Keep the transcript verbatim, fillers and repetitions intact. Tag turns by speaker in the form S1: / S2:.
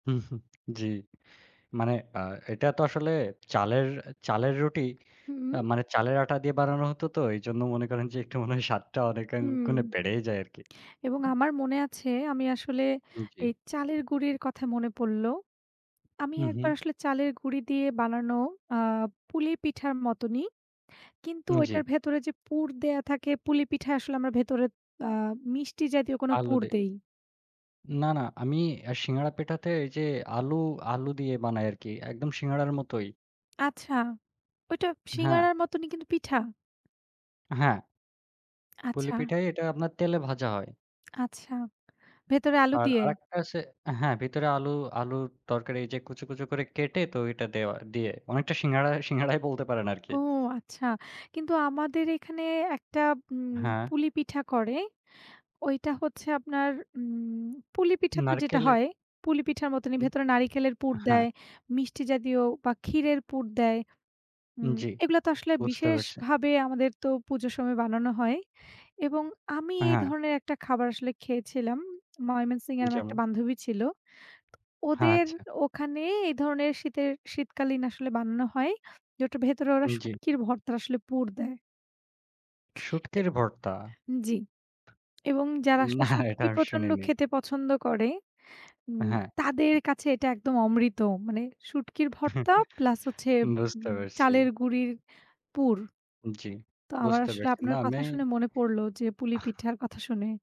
S1: হুম, হুম, জি মানে আ এটা তো আসলে চালের, চালের রুটি
S2: হুম,
S1: আ
S2: হুম।
S1: মানে, চালের আটা দিয়ে বানানো হতো তো। এইজন্য মনে করেন যে, একটু মনে হয় স্বাদটা অনেক গুণ
S2: হুম।
S1: বেড়েই যায় আরকি।
S2: এবং আমার মনে আছে আমি আসলে,
S1: উম জি।
S2: এই চালের গুঁড়ির কথায় মনে পড়ল। আমি
S1: হুম,
S2: এক
S1: হুম।
S2: বার আসলে চালের গুঁড়ি দিয়ে বানানো আ পুলি পিঠার মতনই। কিন্তু
S1: উম জি।
S2: ওইটার ভেতরে যে পুর দেয়া থাকে, পুলি পিঠায় আসলে আমরা ভেতরে আ মিষ্টি জাতীয় কোন
S1: আলু
S2: পুর
S1: দে
S2: দেই।
S1: না, না। আমি আ সিঙ্গারা পেটাতে এই যে আলু, আলু দিয়ে বানায় আরকি, একদম সিঙ্গারার মতোই।
S2: আচ্ছা। ওইটা
S1: হ্যাঁ।
S2: শিঙাড়ার মতনই কিন্তু, পিঠা।
S1: হ্যাঁ। পুলি
S2: আচ্ছা।
S1: পিঠাই, এটা আপনার তেলে ভাজা হয়।
S2: আচ্ছা। ভেতরে আলু
S1: আর
S2: দিয়ে?
S1: আরেকটা আছে হ্যাঁ ভেতরে আলু আলুর তরকারি এই যে কুঁচো, কুচো করে কেটে, তো ওইটা দেওয়া দিয়ে। অনেকটা সিঙ্গাড়া, সিঙ্গাড়াই বলতে পারেন আরকি।
S2: ও! আচ্ছা। কিন্তু আমাদের এখানে একটা উম
S1: হ্যাঁ।
S2: পুলি পিঠা করে। ওইটা হচ্ছে আপনার উম পুলি পিঠা তো যেটা
S1: নারিকেলের
S2: হয়, পুলি পিঠার মতই
S1: হুম,
S2: ভেতরে নারিকেলের পুর
S1: হ্যাঁ।
S2: দেয়, মিষ্টি জাতীয় বা ক্ষীরের পুর দেয়।
S1: উম
S2: উম
S1: জি,
S2: এগুলা তো আসলে
S1: বুঝতে পারছি।
S2: বিশেষভাবে, আমাদের তো পুজোর সময় বানানো হয়। এবং আমি এই
S1: হ্যাঁ।
S2: ধরনের একটা খাবার আসলে খেয়েছিলাম, ময়মনসিংহ এর আমার একটা
S1: যেমন?
S2: বান্ধবী ছিল।
S1: হ্যাঁ,
S2: ওদের
S1: আচ্ছা।
S2: ওখানে এই ধরনের শীতের, শীতকালীন আসলে বানানো হয়, যেটার ভেতরে ওরা
S1: উম জি।
S2: শুটকির ভর্তা, আসলে পুর দেয়। এ
S1: শুঁটকির ভর্তা?
S2: জি, এবং যারা আসলে
S1: না, এটা
S2: শুটকি
S1: আমি
S2: প্রচন্ড
S1: শুনিনি।
S2: খেতে পছন্দ করে, উম
S1: হ্যাঁ।
S2: তাদের কাছে এটা একদম অমৃত। মানে শুটকির ভর্তা প্লাস হচ্ছে,
S1: বুঝতে
S2: উম
S1: পারছি।
S2: চালের গুঁড়ির পুর।
S1: উম জি,
S2: তো আমার
S1: বুঝতে
S2: আসলে
S1: পারছি। না
S2: আপনার
S1: আমি
S2: কথা শুনে মনে পড়ল যে, পুলি
S1: আহ
S2: পিঠার কথা শুনে।